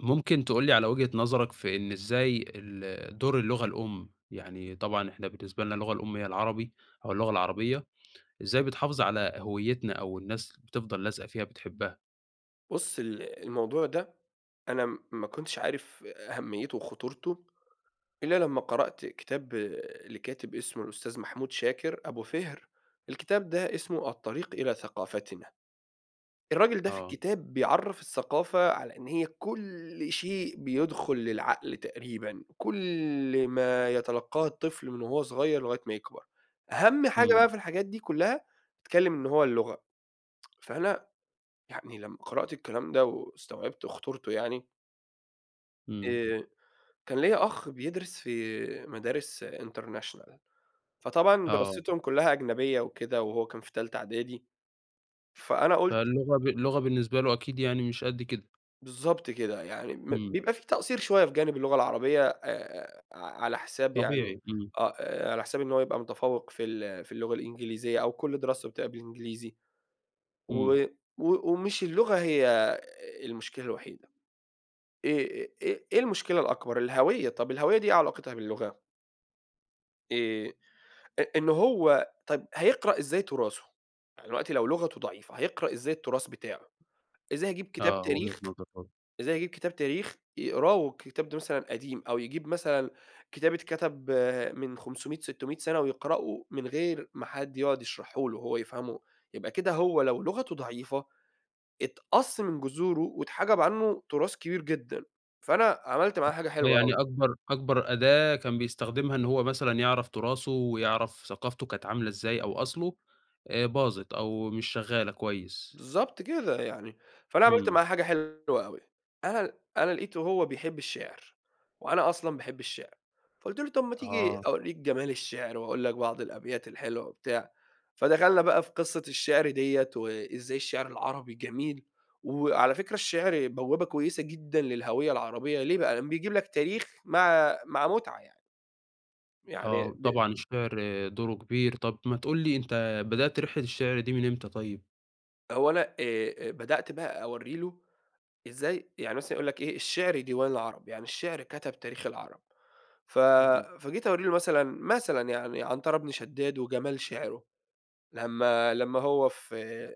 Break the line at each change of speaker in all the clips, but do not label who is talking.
ممكن تقول لي على وجهة نظرك في إن إزاي ال دور اللغة الأم، يعني طبعًا إحنا بالنسبة لنا اللغة الأم هي العربي أو اللغة العربية، إزاي بتحافظ على هويّتنا أو الناس بتفضل لازقة فيها بتحبّها؟
بُص ال الموضوع ده أنا م ما كنتش عارف أهمّيته وخطورته، إلّا لمّا قرأت كتاب لكاتِب اسمه الأستاذ محمود شاكر أبو فِهْر، الكتاب ده اسمه الطريق إلى ثقافتنا. الراجل ده في
آه.
الكتاب بيعرَّف الثقافة على إن هي كل شيء بيدخُل للعقل تقريبًا، كل ما يتلقّاه الطفل من وهو صغير لغاية ما يكبر. أهَم حاجة
إمم.
بقى في الحاجات دي كُلّها، اتكلِّم إن هو اللغة، فأنا يعني لمّا قرأت الكلام ده واستوعبت خطورته يعني
إمم.
آآ كان ليّا أخ بيدرس في مدارس international، فطبعًا
آه.
دراستهم كُلّها أجنبية وكده وهو كان في تالتة إعدادي، فأنا قُلت
فاللغة ب اللغة بالنسبة له أكيد يعني مش قد كده.
بالضبط كده. يعني م
إمم.
بيبقى في تقصير شوية في جانب اللغة العربية آآ ع على حساب يعني
طبيعي، إمم.
آه، على حساب إن هو يبقى متفوِّق في ال في اللغة الإنجليزية أو كل دراسته بتبقى بالإنجليزي و
إمم.
و ومش اللغة هي المشكلة الوحيدة، إيه إيه إيه المشكلة الأكبر؟ الهوية، طَب الهوية دي إيه علاقتها باللغة؟ آآ آآ إن هو طَب هيقرأ إزاي تُراثه؟ يعني دلوقتي لو لغته ضعيفة، هيقرأ إزاي التُراث بتاعه؟ إزاي هيجيب كتاب
آه، وجهة
تاريخ
نظر برضه.
إزاي هيجيب كتاب تاريخ يقراه والكتاب ده مثلًا قديم أو يجيب مثلًا كتاب اتكتب من 500، 600 سَنة ويقرأه من غير ما حد يقعُد يشرحه له، هو يفهمه. يبقى كده هو لو لغته ضعيفة، اتقَص من جذوره واتحَجَب عنّه تُراث كبير جدًا. فأنا عملت معاه
آه،
حاجة حلوة
يعني
أوي.
أكبر أكبر أداة كان بيستخدمها إن هو مثلًا يعرف تُراثه ويعرف ثقافته كانت عاملة إزاي أو أصله، آآ باظت أو مش شغّالة كويس.
بالضبط كده يعني، فأنا عملت
إمم.
معاه حاجة حلوة أوي، أنا ل أنا لقيته هو بيحب الشِعر وأنا أصلًا باحب الشِعر، فقُلت له: "طَب ما تيجي
آه.
أورّيك جمال الشِعر وأقول لك بعض الأبيات الحلوة،" وبتاع. فدخلنا بقى في قِصّة الشِعر ديّة وإزاي الشِعر العربي جميل وعلى فكرة الشِعر بوابة كويسة جدًا للهوية العربية، ليه بقى؟ لإن بيجيب لك تاريخ مع مع مُتعة يعني. يعني
آه
ب
طبعًا الشِعر دوره كبير. طَب ما تقول لي أنت بدأت رحلة الشِعر دي من إمتى طيب؟
هو أنا آآ، بدأت بقى أورّي له إزاي يعني مثلًا يقول لك إيه: "الشعر ديوان العرب" يعني الشعر كتب تاريخ العرب، ف
إمم.
فجيت أورّي له مثلًا، مثلًا يعني عنترة بن شداد وجمال شِعرُه، لمّا لمّا هو في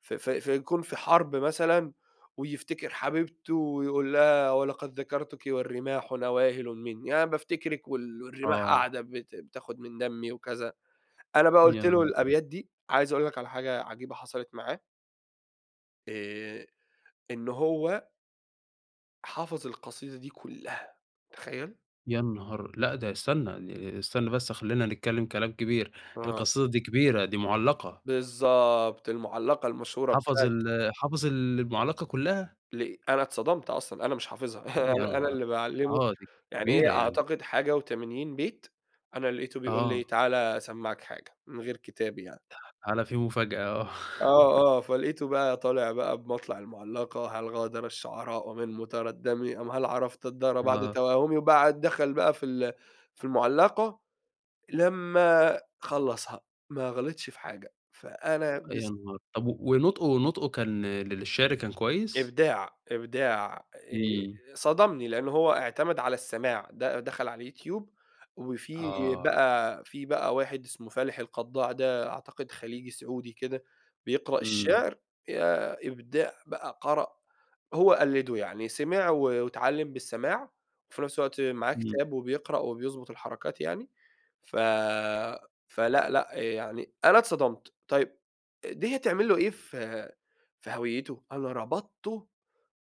في في في يكون في حرب مثلًا ويفتكر حبيبته ويقول لها: "ولقد ذكرتك والرماح نواهلٌ مني"، يعني بافتكرك وال والرماح
آه.
قاعدة بت بتاخد من دمي وكذا. أنا بقى قُلت له
[unintelligible]
الأبيات دي، عايز أقول لك على حاجة عجيبة حصلت معاه آآ إن هو حَفَظ القصيدة دي كلّها، تخيل؟
يا نهار! لا ده استنى، استنى بس خلّينا نتكلم كلام كبير،
آه.
القصيدة دي كبيرة دي مُعلّقة.
بالضبط، المُعلّقة المشهورة
حفظ
بتاعة
ال حفظ المُعلّقة كلّها!
ليه أنا اتصدمت أصلًا، أنا مش حافظها، أنا
يانهار!
اللي باعلّمه
آه دي
يعني، هي
كبيرة يعني.
أعتقد حاجة و80 بيت، أنا لقيته بيقول
آه.
لي تعال أسمّعك حاجة، من غير كتاب يعني.
تعال في مفاجأة آه.
آه، آه، فلقيته بقى طالع بقى بمطلع المُعلّقة: "هل غادر الشعراء من متردّمِ أم هل عرفتَ الدار بعد
آه.
توهّمِ"، وبعد دخل بقى في ال في المُعلّقة، لمّا خلّصها، ما غلطش في حاجة، فأنا
يا
بس
نهار! طب ونطقه نطقه كان للشِعر كان كويس؟
إبداع، إبداع
إمم.
آآ، صدمني لأن هو اعتمد على السماع، د دخل على اليوتيوب، وفيه
آه.
بقى في بقى واحد اسمه فالح القضاع ده أعتقد خليجي سعودي كده بيقرأ
إمم.
الشِعر، ياه إبداع بقى، قرأ، هو قلده يعني سمع و واتعلّم بالسماع وفي نَفس الوقت معاه
إمم.
كتاب وبيقرأ وبيضبط الحركات يعني، ف فلأ، لأ، يعني أنا اتصدمت. طيب دي هتعمل له إيه ف في هويّته؟ أنا ربطته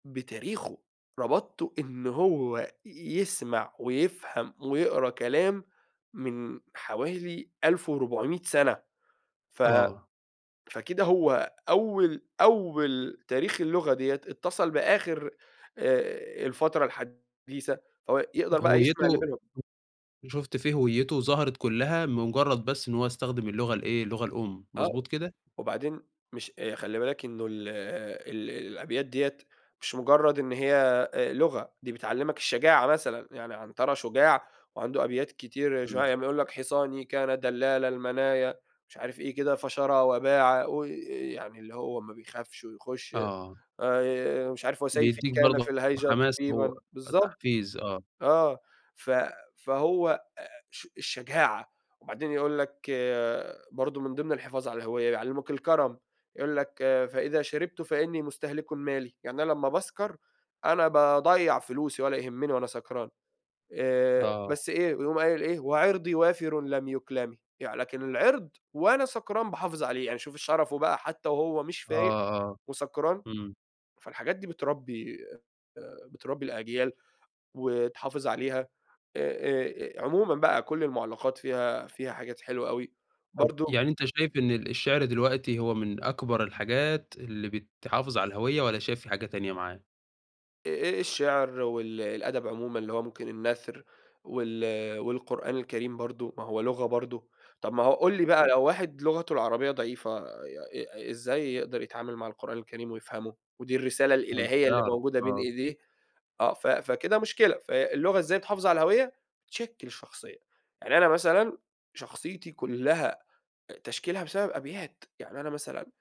بتاريخه، ربطته إنه هو يسمع ويفهم ويقرا كلام من حوالي 1400 سنة، ف
آه.
فكده هو أول أول تاريخ اللغة ديّة اتصل بآخر آآ، الفترة الحديثة، فهو يقدر بقى يسمع اللي
هويّته
بينهم
شُفت فيه هويّته ظهرت كلّها مجرد بس إن هو استخدم اللغة الإيه، اللغة الأم
آه،
مضبوط كده؟
وبعدين مش خلّي بالك إنه ال ال الأبيات ديّة مش مجرد إن هي آآ، لغة، دي بتعلّمك الشجاعة مثلًا يعني. عنترة شجاع وعنده أبيات كتير شو ع
إمم.
يقول لك: "حصاني كان دلال المنايا"، مش عارف إيه كده "فشرى وباعا"، وي يعني اللي هو ما بيخافش ويخش
آه.
آآ، مش عارف "وسيفي
بيديك
كان في
برضه
الهيجا
حماس هو،
طبيبًا" بالضبط
تحفيز آه.
آه. ف فهو آآ، الش الشجاعة وبعدين يقول لك برضو من ضمن الحفاظ على الهويّة يعلّموك الكرم، يقول لك: "فإذا شربتُ فإنني مستهلكٌ مالي"، يعني أنا لمّا باسكر أنا باضيّع فلوسي ولا يهمّني وأنا سكران آآ،
آه.
بس إيه يقوم قايل إيه: "وعِرضي وافرٌ لم يُكلمِ"، لكن العِرض وأنا سكران باحافظ عليه، يعني شوف الشرفه بقى حتى وهو مش
آه،
فايق
آه،
وسكران،
إمم.
فالحاجات دي بتربي آآ، بتربي الأجيال وتحافظ عليها آآ آآ عمومًا بقى كُلّ المُعلّقات فيها فيها حاجات حلوة أوي
طب
برضو
يعني أنت شايف إن ال الشِعر دلوقتي هو من أكبر الحاجات اللي بتحافظ على الهويّة والَّا شايف في حاجة تانية معاه؟
آآ الشِعر وال الأدَب عمومًا اللي هو ممكن النَثْر وال والقرآن الكريم برضه ما هو لغة برضه، طَب ما هو قُل لي بقى
إمم.
لو واحد لغته العربية ضعيفة، آآ ي إزاي يقدر يتعامل مع القرآن الكريم ويفهمه ودي الرسالة
فمش
الإلهية اللي
هيعرف
موجودة بين
آه.
إيديه؟ آه، ف فكده مشكلة. فاللغة إزاي تحافظ على الهوية؟ تشكِّل الشخصية. يعني أنا مثلًا شخصيتي كُلّها آآ تشكيلها بسبب أبيات، يعني أنا مثلًا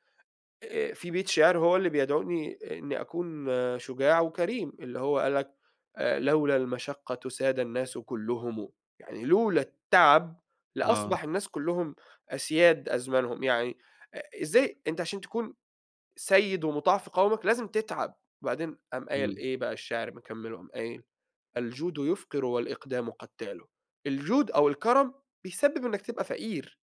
آآ في بيت شِعر هو اللي بيدعوني إنّي أكون شُجاع وكريم اللي هو قال لك: "آآ لولا المَشقّة ساد الناس كُلّهم." يعني لولا التعب لأصبح
آه.
الناس كُلّهم أسياد أزمانهم. يعني آآ إزاي أنت عشان تكون سَيّد ومُطاع في قَومَك، لازم تتعب. وبعدين قام قايل
إمم.
إيه بقى الشِعر مكمِّله قام قايل: "الجود يفقر والإقدام قتّال." الجود أو الكرم بيسبب إنّك تبقى فقير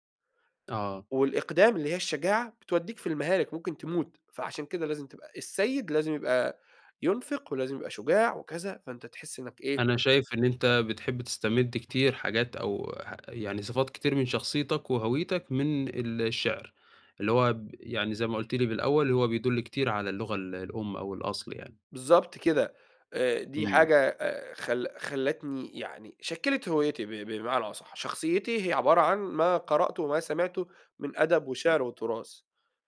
آه.
والإقدام اللي هي الشجاعة، بتودّيك في المهالك، ممكن تموت. فعشان كده لازم تبقى السَيّد لازم يبقى ينفق ولازم يبقى شجاع وكذا، فأنت تحس إنّك إيه
أنا شايف إن أنت بتحب تستمد كتير حاجات أو ح يعني صفات كتير من شخصيتك وهويتك من الشِعر، اللي هو ب يعني زي ما قُلت لي بالأول هو بيدُل كتير على اللغة ال الأم أو الأصل يعني.
بالضبط كده. آآ دي
إمم.
حاجة آآ خل خلّتني يعني شكّلت هويّتي ب ب بمعنى أصح. شخصيتي هي عبارة عن ما قرأته وما سمعته من أدَب
إمم.
وشِِعر وتُراث.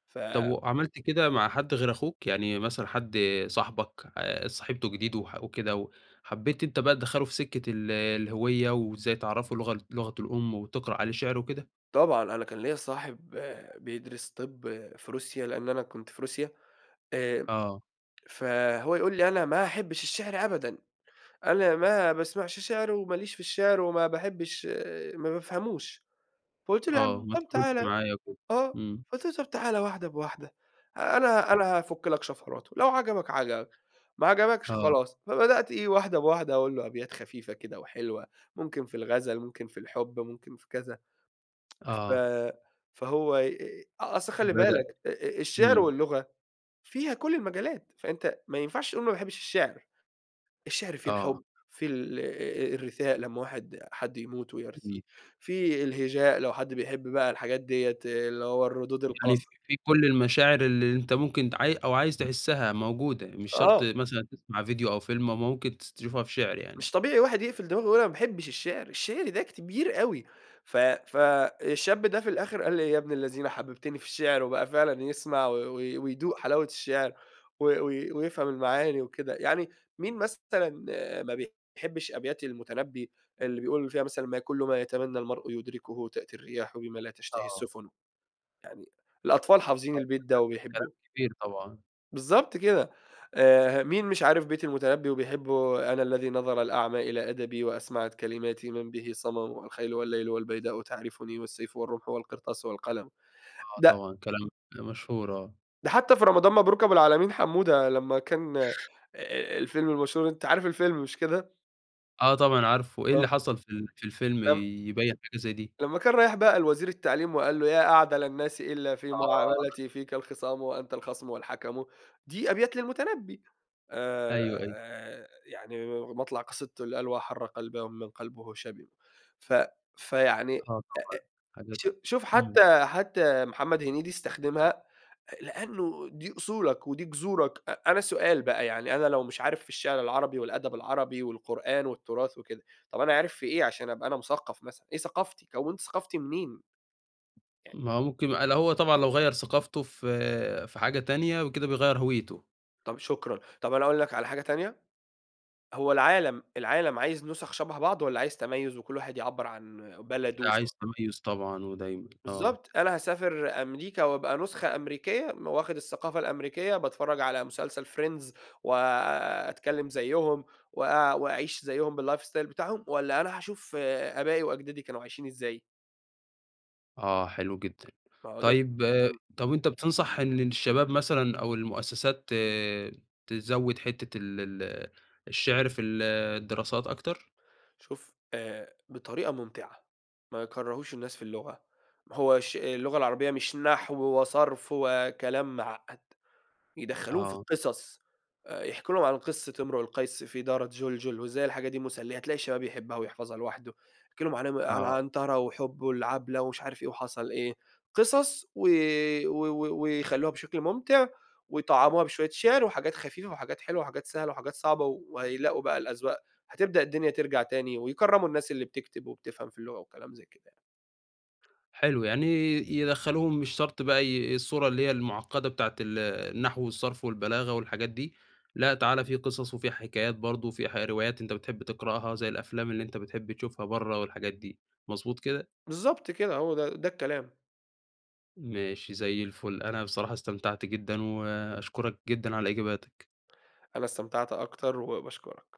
ف
طَب وعملت كده مع حد غير أخوك؟ يعني مثلًا حد صاحبك اتصاحبتوا جديد وح وكده، و حبّيت أنت بقى تدخّله في سِكّة ال الهوية وإزاي تعرّفه لغ لغته الأم وتقرأ عليه شِعر وكده؟
طبعًا، أنا كان ليّا صاحب آآ بيدرس طِب في روسيا لإن أنا كنت في روسيا، آآ
آه.
فهو يقول لي: "أنا ما أحبّش الشِعر أبدًا، أنا ما باسمعش شِعر وماليش في الشِعر وما باحبّش ما بافهموش." فقُلت له: "يا
آه،
عَم
ما
طَب
تكونش
تعال،"
معايا وكده،
آه،
إمم.
قُلت له: "طَب تعال واحدة بواحدة، أنا أنا هافُك لك شفراته، لو عجبك عجبك، ما عجبكش
آه.
خلاص." فبدأت إيه، واحدة بواحدة أقول له أبيات خفيفة كده وحلوة ممكن في الغَزَل، ممكن في الحُب ممكن في كذا، ف
آه.
فهو آآ أصل خلّي
بدأ،
بالك آآ الشِعر
إمم.
واللغة فيها كل المجالات، فأنت ما ينفعش تقول ما باحبّش الشِعر. الشِعر فيه
آه.
الحُب فيه، ال آآ الرثاء لمّا واحد حد يموت ويرثيه،
إمم.
فيه الهجاء لو حد بيحب بقى الحاجات ديّة اللي هو الردود
يعني
القص
فيه فيه كل المشاعر ال اللي أنت ممكن ت عاي أو عايز تحسّها موجودة، مش شرط
آه.
مثلًا تسمع فيديو أو فيلم أمّا ممكن تس تشوفها في شِعر يعني.
مش طبيعي واحد يقفل دماغه ويقول أنا ما باحبّش الشِعر، الشِعر ده كبير أوي. ف ف الشاب ده في الآخِر قال لي: "يا ابن الذين حبّبتني في الشِعر." وبقى فعلًا يسمع و و
آآ
ويدوق حلاوة الشعِر و و ويفهم المعاني وكده. يعني مين مثلًا آآ ما بيحبّش أبيات المُتنبّي اللي بيقول فيها مثلًا "ما كل ما يتمنّى المرء يدركه تأتي الرياح بما لا تشتهي
آه.
السُفن." يعني الأطفال حافظين البيت ده
[unintelligible] كلام
وبيحبّوه.
كبير طبعًا.
بالضّبط كده، آآ، مين مش عارف بيت المتنبّي وبيحبه؟ آآ، "أنا الّذي نَظَر الأعمى إلى أَدَبي، وأَسمعت كَلِماتي مَن به صَمَم، الخيلُ والليلُ والبيداءُ تعرفني، والسيفُ والرمحُ والقرطاسُ والقلمُ."
آه
ده
طبعًا. كلام [unintelligible] مشهور آه.
ده حتّى في رمضان مبروك أبو العلمين حمودة، لمّا كان آآ، الفيلم المشهور، أنتَ عارف الفيلم، مش كده؟
آه طبعًا عارفُه، إيه
آه.
اللي حصل في ال في الفيلم
لمّا
يبيّن حاجة زي دي؟
لمّا كان رايح بقى لوزير التعليم، وقال له: "يا أعدل الناس إلّا في
آه.
معاملتي، فيك الخِصام وأنتَ الخَصمُ والحَكَمُ." دي أبيات للمتنبّي،
أيوه، أيوه.
آآ، يعني مطلع قصيدته اللي قال "واحرّ قَلباه ومِمَّن قَلبُه شَبِم." ف فيعني أ أ
آه طبعًا، حاجات
شو شوف،
إمم.
حتّى، حتّى محمد هنيدي استخدمها، لأنّه دي أصولك ودي جذورك، أ أنا سؤال بقى يعني أنا لو مش عارف في الشعر العربي، والأدب العربي، والقرآن، والتراث وكده، طَب أنا عارف في إيه عشان أبقى أنا مثقّف مثلًا؟ إيه ثقافتي؟ كوّنت ثقافتي منين؟ يعني
ما ممكن ال هو طبعًا لو غيَّر ثقافته ف في حاجة تانية يبقى كده بيغيِّر هويته.
طَب شكرًا، طَب أنا أقول لك على حاجة تانية، هو العالم، العالم عايز نُسَخ شبه بعض؟ والَّا عايز تَميُّز، وكُلّ واحد يعبّر عن بلدُه
لأ
وث
عايز تَميُّز طبعًا، ودايمًا آه.
بالضّبط، أنا هاسافر أمريكا، وأبقى نسخة أمريكية، واخد الثقافة الأمريكية، باتفرّج على مسلسل Friends، وآآ، أتكلّم زيهم، وآآ، وأعيش زيهم بالlife style بتاعهم، والَّا أنا هاشوف آآ، آبائي وأجدادي كانوا عايشين إزاي؟
آه، حلو جدًا،
ما هو ده
طيب
امم.
طَب أنتَ بتنصح إن الشباب مثلًا أو المؤسسات تزوِد حتة ال ال الشِعر في الدراسات أكتر؟
شوف آآ، بطريقة ممتعة، ما يكرّهوش الناس في اللغة، هو ش اللغة العربية مش نحو وصرف وكلام معقّد، يدخّلوهم في
آه.
القِصَص آآ، يحكوا لهم عن قصّة امرؤ القيس في دارة جُلجُل، وإزاي الحاجة دي مسلية، هتلاقي الشباب يحبّها ويحفظها لوحدُه، يحكي لهم عن ام عن
آه.
عنترة وحبُه لعبلة ومش عارف إيه و حصل إيه، قِصَص و و و ويخلّوها بشكل ممتع، ويطعّموها بشوية شِعر وحاجات خفيفة، وحاجات حلوة، وحاجات سهلة، وحاجات صعبة وهيلاقوا بقى الأذواق، هتبدأ الدنيا ترجع تاني، ويكرّموا الناس اللي بتكتب، وبتفهم في اللغة وكلام زي كده يعني.
حلو، يعني يدخّلوهم مش شرط بقى ي الصورة اللي هي المعقّدة بتاعة ال النحو والصرف والبلاغة والحاجات دي، لأ، تعالَ في قِصَص وفي حكايات برضه وفي ه روايات أنتَ بتحب تقرأها زي الأفلام اللي أنتَ بتحب تشوفها برّه والحاجات دي، مضبوط كده؟
بالضبط كده، هو ده ده الكلام.
ماشي، زي الفُلّ، أنا بصراحة استمتعت جدًا، وأشكرك جدًا على إجاباتك.
أنا استمتعت أكتر، وباشكرك.